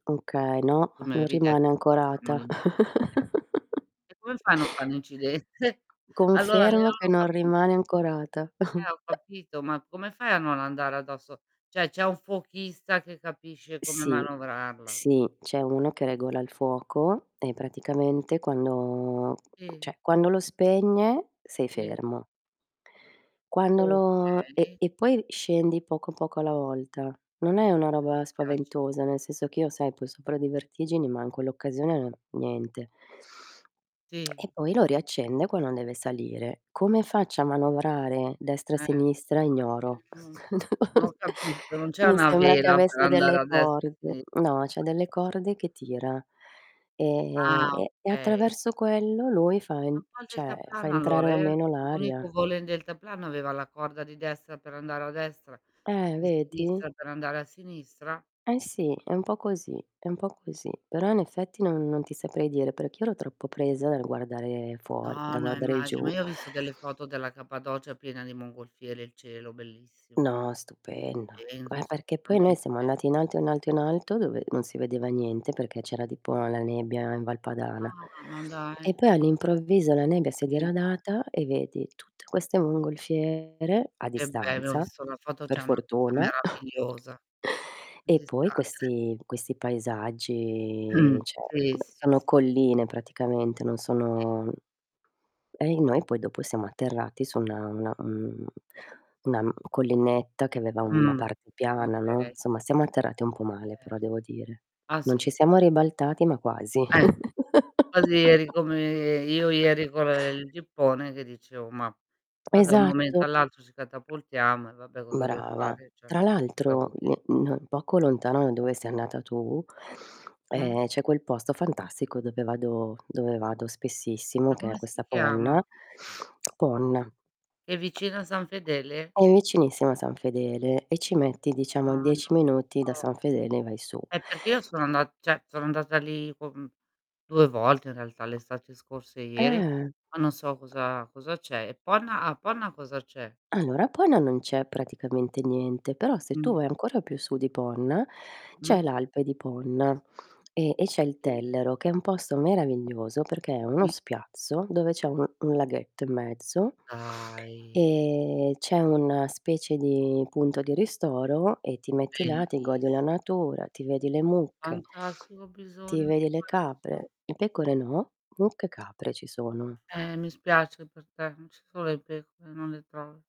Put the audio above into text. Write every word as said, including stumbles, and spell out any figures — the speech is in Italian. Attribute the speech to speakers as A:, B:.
A: Okay, no,
B: Tu mi
A: non
B: avevi detto
A: rimane
B: se facciamo
A: ancorata.
B: l'incidente. E come fanno a far l'incidente? Allora
A: Confermo
B: [unintelligible]
A: che
B: ho
A: non rimane
B: capito.
A: ancorata.
B: Eh, ho capito, ma come fai a non andare addosso ceh c'è un fuochista che capisce come
A: Sì,
B: manovrarla.
A: sì, c'è uno che regola il fuoco e praticamente quando
B: ì.
A: ceh, quando lo spegne sei
B: Sì.
A: fermo. Quando lo e
B: Okay.
A: e poi scendi poco, poco alla volta. Non è una roba
B: [unintelligible]
A: spaventosa, nel senso che io sai poi sopra di vertigini ma, in quell'occasione niente. E
B: Sì.
A: poi lo riaccende quando deve salire. Come faccio a manovrare destra,
B: Eh
A: sinistra? Ignoro.
B: [unintelligible] n ho capito, non c'è
A: Mi
B: una
A: sembra che
B: vela per
A: avesse
B: andare
A: delle
B: a destra e a
A: corde.
B: sinistra?
A: No c'ha delle
B: [unintelligible]
A: corde che tira ehm,
B: Ah,
A: e e
B: okay.
A: attraverso quello lui fa in
B: A un po' il
A: ceh fa
B: deltaplano
A: entrare
B: allora
A: la
B: er
A: meno
B: l'unico
A: l'aria.
B: volo in deltaplano aveva la corda di destra per andare a destra,
A: Eh,
B: di
A: vedi.
B: sinistra per andare a sinistra.
A: Eh sì, è un po' così, è un po' così, però in effetti non non ti saprei dire, perché io ero troppo presa dal guardare
B: No,
A: fuori, dal
B: no
A: guardare
B: immagi ma
A: giù.
B: io ho visto delle foto della capadocia piena di mongolfiere e il cielo bellissimo.
A: No, stupendo.
B: Stupendo,
A: Eh, perché poi noi
B: assolutamente.
A: siamo andati in alto, in alto, in alto dove non si vedeva niente perché c'era tipo la nebbia in Val Padana,
B: Ah, ma
A: e
B: dai.
A: poi all'improvviso la nebbia si è
B: Sì.
A: diradata e vedi tutte queste mongolfiere, a
B: Che bello, ho
A: distanza,
B: visto la foto, c'è
A: per
B: una cosa
A: fortuna.
B: meravigliosa.
A: E poi
B: [unintelligible]
A: questi questi paesaggi ceh,
B: sì, sì,
A: sono
B: sì.
A: colline praticamente, non
B: [unintelligible]
A: sono, mhmm, e i noi poi dopo siamo atterrati su una una un una n collinetta che aveva una
B: Mh,
A: parte piana, no;
B: okay.
A: somma, siamo atterrati un po' male
B: Ter
A: però devo dire.
B: ah,
A: Non ci
B: sì.
A: siamo ribaltati ma quasi.
B: Eh. Così eri come io ieri con ehm, il gippone, che dicevo: "Ma qua da un momento
A: Esatto.
B: all'altro ci catapultiamo, e vabbè cosa deo
A: Brava.
B: fare?" ceh
A: Tra
B: una sorpresa
A: l'altro
B: così.
A: n n poco lontano da dove sei andata tu,
B: Mh.
A: ehm, c'è quel posto fantastico dove vado dove vado spessissimo
B: Ma
A: che è
B: come si
A: questa
B: chiama?
A: Ponna. Ponna.
B: È vicino a San Fedele?
A: È vicinissima a San Fedele e ci metti
B: Ah,
A: diciamo
B: non lo
A: dieci minuti da
B: so.
A: San Fedele e vai su.
B: Eh, perché io sono andat ceh sono andata lì con due volte in realtà, l'estate scorsa e ieri,
A: Eh.
B: ma non so cosa cosa c'è. E Ponna a Ponna cosa c'è?
A: Allora, a Ponna non c'è praticamente niente, però se tu
B: Mh.
A: vai ancora più su di Ponna, c'è
B: Mh.
A: l'Alpe di Ponna e e c'è il
B: Sì.
A: Tellero, che è un posto meraviglioso, perché è uno
B: Sì.
A: spiazzo, dove c'è un un laghetto in mezzo
B: Dai.
A: e c'è un specie di punto di ristoro e ti metti là, ti
B: Bellissimo.
A: godi la natura, ti vedi le mucche,
B: Fantastico, ho
A: ti
B: bisogno di
A: vedi le
B: questo.
A: capre. I pecore no, mucche e capre ci sono.
B: Eh, mi spiace per te, non ci son le pecoe, non le tro